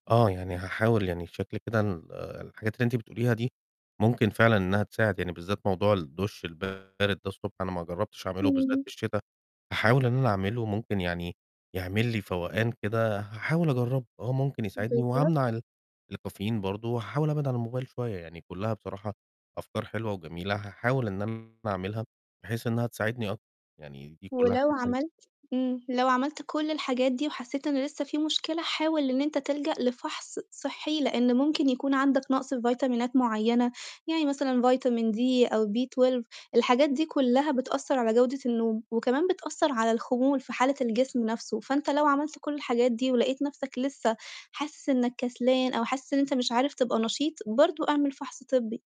آه، يعني هاحاول يعني بشكل كده ال الحاجات اللي أنتِ بتقوليها دي، ممكن فعلًا إنّها تساعد، يعني بالذات موضوع الدُش البارد ده الصبح أنا ما جرّبتش أعمله، وبالذات امم. في الشِتا. هاحاول إن أنا أعمله، ممكن يعني يعمل لي فوقان كده، هاحاول أجرّبه، آه، ممكن يساعدني، بالضبط. وهامنع ال الكافيين برضه، وهاحاول أبعِد عن الموبايل شوية، يعني كُلّها بصراحة أفكار حلوة، وجميلة، هاحاول إن أنا أعملها، بحيث إنّها تساعدني أكتر، يعني دي كُلّها ولو حاجات حلوة. عملت امم. لو عملت كل الحاجات دي وحسّيت إن لسّه في مشكلة، حاول إن أنت تِلجَأ لفَحص صحّي، لإن ممكن يكون عندك نَقص في فيتامينات معيّنة، يعني مثلًا فيتامين D أو B12 الحاجات دي كُلّها بتأثّر على جودة النوم، وكمان بتأثّر على الخمول في حالة الجسم نفسه، فأنت لو عملت كل الحاجات دي، ولقيت نفسك لسّه حاسِس إنّك كسلان، أو حاسِس إن أنت مش عارف تبقى نشيط برضه اعمل فَحص طِبّي.